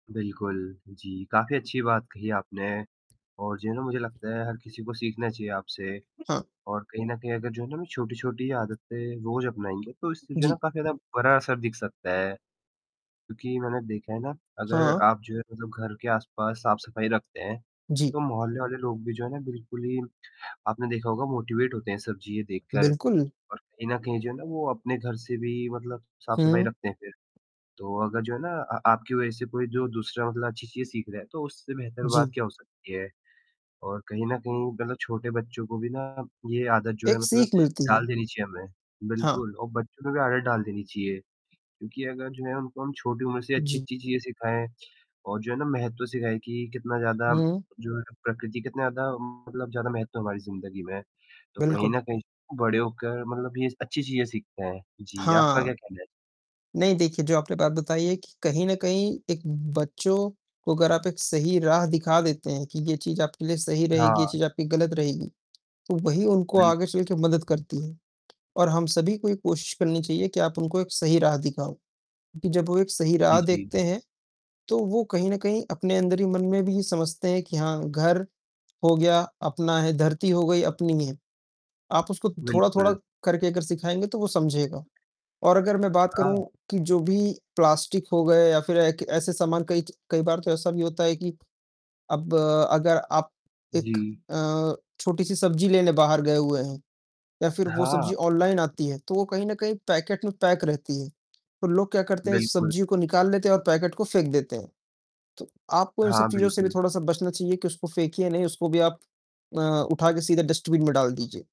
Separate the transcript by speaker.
Speaker 1: बिल्कुल, जी, काफ़ी अच्छी बात कही आपने और जो है ना मुझे लगता है हर किसी को सीखना चाहिए आपसे
Speaker 2: हाँ।
Speaker 1: और कहीं न कहीं अगर जो है ना छोटी-छोटी आदतें रोज़ अपनाएँगे तो इससे जो है ना
Speaker 2: जी।
Speaker 1: काफ़ी ज़्यादा बड़ा असर दिख सकता है, क्योंकि मैंने देखा है ना अगर
Speaker 2: हाँ।
Speaker 1: आप जो है मतलब घर के आसपास साफ़-सफ़ाई रखते हैं,
Speaker 2: जी।
Speaker 1: तो मोहल्ले वाले लोग भी जो है ना बिल्कुल ही, आपने देखा होगा मोटीवेट होते हैं सब चीज़ें देखकर
Speaker 2: बिल्कुल।
Speaker 1: और कहीं न कहीं जो है ना वो अपने घर से भी मतलब साफ़-सफ़ाई
Speaker 2: हुँ।
Speaker 1: रखते हैं फिर, तो अगर जो है ना अ, आपकी वज़ह से कोई जो दूसरा मतलब अच्छी चीज़ें सीख रहा है, तो उससे बेहतर बात
Speaker 2: जी।
Speaker 1: क्या हो सकती है? और कहीं न कहीं मतलब छोटे बच्चों को भी ना ये आदत जो है,
Speaker 2: एक
Speaker 1: मतलब
Speaker 2: सीख मिलती है।
Speaker 1: डाल देनी चाहिए हमें।
Speaker 2: हाँ।
Speaker 1: बिल्कुल, और बच्चों में भी आदत डाल देनी चाहिए क्योंकि अगर जो है उनको हम छोटी उम्र से
Speaker 2: जी।
Speaker 1: अच्छी-अच्छी चीज़ें सिखाएँ और जो है ना महत्व सिखाएँ कि कितना ज़्यादा
Speaker 2: हुँ।
Speaker 1: जो है प्रकृति कितना ज़्यादा मतलब ज़्यादा महत्व हमारी ज़िंदगी में, तो कहीं
Speaker 2: बिल्कुल।
Speaker 1: न कहीं बड़े होकर मतलब ये अच्छी चीज़ें सीखते हैं। जी, आपका
Speaker 2: हाँ।
Speaker 1: क्या कहना है?
Speaker 2: नहीं देखिए, जो आपने बात बताई है कि कहीं न कहीं एक बच्चों को अगर आप एक सही राह दिखा देते हैं कि ये चीज़ आपके लिए सही रहेगी, ये
Speaker 1: हाँ।
Speaker 2: चीज़ आपके लिए ग़लत रहेगी, तो वही उनको
Speaker 1: बिल
Speaker 2: आगे चलकर मदद करती है और हम सभी को एक कोशिश करनी चाहिए कि आप उनको एक सही राह दिखाओ क्योंकि जब वो एक सही राह
Speaker 1: जी, जी।
Speaker 2: देखते हैं, तो वो कहीं न कहीं अपने अंदर ही मन में भी समझते हैं कि हाँ, घर हो गया अपना है, धरती हो गई, अपनी है। आप उसको थोड़ा-थोड़ा
Speaker 1: बिल्कुल।
Speaker 2: करके अगर सिखाएँगे तो वो समझेगा और अगर मैं बात करूँ
Speaker 1: हाँ।
Speaker 2: कि जो भी प्लास्टिक हो गए या फिर एक ऐसे सामान कई च कई बार तो ऐसा भी होता है कि अब अगर आप एक
Speaker 1: जी।
Speaker 2: अ, छोटी-सी सब्ज़ी लेने बाहर गए हुए हैं या फिर वो
Speaker 1: हाँ।
Speaker 2: सब्ज़ी ऑनलाइन आती है, तो वो कहीं न कहीं पैकेट में पैक रहती है। तो लोग क्या करते हैं
Speaker 1: बिल्कुल।
Speaker 2: सब्ज़ी को निकाल लेते हैं और पैकेट को फेंक देते हैं, तो आपको इन सब
Speaker 1: हाँ,
Speaker 2: चीज़ों से भी
Speaker 1: बिल्कुल।
Speaker 2: थोड़ा-सा बचना चाहिए कि उसको फेंकिए नहीं, उसको भी आप अ, उठाकर सीधा डस्टबिन में डाल दीजिए।